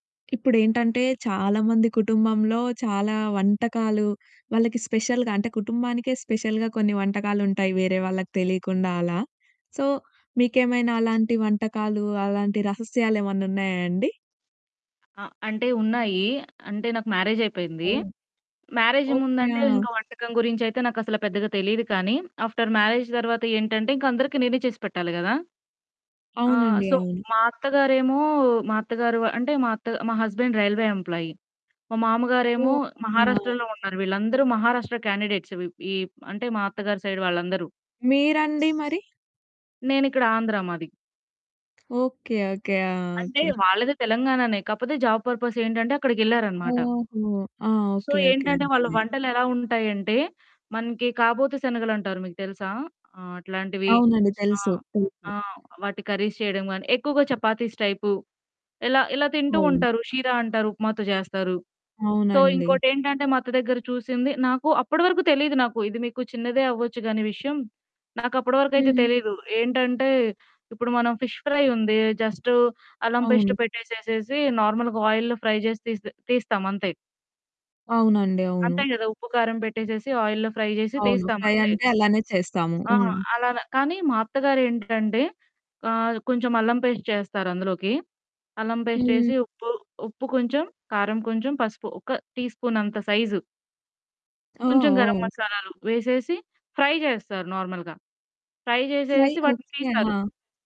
ఇప్పుడేంటంటే, చాలా మంది కుటుంబంలో చాలా వంటకాలు వాళ్ళకి స్పెషల్‌గా అంటే, కుటుంబానికే స్పెషల్‌గా కొన్ని వంటకాలుంటాయి వేరే వాళ్ళకి తెలియకుండా అలా. సో మీకేమైనా అలాంటి వంటకాలు, అలాంటి రహస్యా‌లేమన్నా ఉన్నాయా అండి? ఆ! అంటే ఉన్నాయీ. అంటే నాకు మ్యారేజైపోయింది. ఓహ్! Marriage okay. ముందంటే ఇంక ఆ! వంటకం గురించైతే నాకసల పెద్దగా తెలీదు కానీ, ఆఫ్టర్ మ్యారేజ్ తర్వాత ఏంటంటే, ఇంక అందరికి నేనే చేసి పెట్టాలి కదా! ఆహ్, అవునండి. సో అవును. మా అత్తగారేమో మా అత్తగారు అంటే, మా అత్త మా హస్బాండ్ రైల్వే ఎంప్లాయీ. మా మామగారేమో ఓకే. ఆ! మహారాష్ట్రలో ఉన్నారు. వీళ్ళందరూ మహారాష్ట్ర క్యాండిడేట్స్ ఈ అంటే, మా అత్తగారి సైడ్ వాళ్ళందరూ. మీరండి మరి? నేనిక్కడ ఆంధ్ర మాది. ఓకె. ఓకె. ఆ! అంటే, ఓకె. వాళ్ళది తెలంగాణానే కాకపోతే జాబ్ పర్పసేంటంటే అక్కడికెళ్ళారన్నమాట. ఓహో! ఆ! So okay. ఓకె. ఏంటంటే, వాళ్ళ అర్దమయింది. వంటలెలావుంటాయంటే, మనకి కాబోతీ శనగలంటారు మీకు తెలుసా? ఆహ్, అట్లాంటివి అవునండి. ఆ! తెలుసు. తెలుసు. ఆ! వాటి కర్రీస్ చేయడం గాని, ఎక్కువగా చపాతీస్ టైపు ఇలా ఇలా తింటూ అవును. ఉంటారు. షీరా అంటారు ఉప్మాతో చేస్తారు. సో అవునండి. ఇంకోటేంటంటే, మా అత్త దగ్గర చూసింది. నాకు అప్పటి వరకు తెలీదు నాకు, ఇది మీకు చిన్నదే అవ్వచ్చు కానీ విషయం నాకప్పటి వరకైతే హ్మ్. తెలీదు. ఏంటంటే, ఇప్పుడు మనం ఫిష్ ఫ్రై ఉంది జస్ట్ అల్లం పేస్ట్ అవును. పెట్టేసేసి, నార్మల్‌గా ఆయిల్‌‌లో ఫ్రై చేసి తీ తీస్తామంతే. అవునండి. అవును. అంతే కదా! ఉప్పు కారం పెట్టేసేసి, ఆయిల్‌లో ఫ్రై చేసి అవును. ఫ్రై తీస్తామంతే. అంటే, అలానే చేస్తాము. ఆ! హ్మ్. అలాన. కానీ మా అత్తగారేంటంటే ఆహ్, కొంచెం అల్లం పేస్ట్ చేస్తారు అందులోకి. అల్లం పేస్ట్ హ్మ్. చేసి, ఉప్పు ఉప్పు కొంచెం, కారం కొంచెం, పసుపు ఒక టీ స్పూన్ అంత సైజు. ఓహ్! కొంచెం గరం ఓహ్! మసాలాలు వేసేసి, ఫ్రై చేస్తారు నార్మల్‌గా. ఫ్రై ఫ్రై చేసేసి, వాటిని ఓకె. తీస్తారు. ఆ!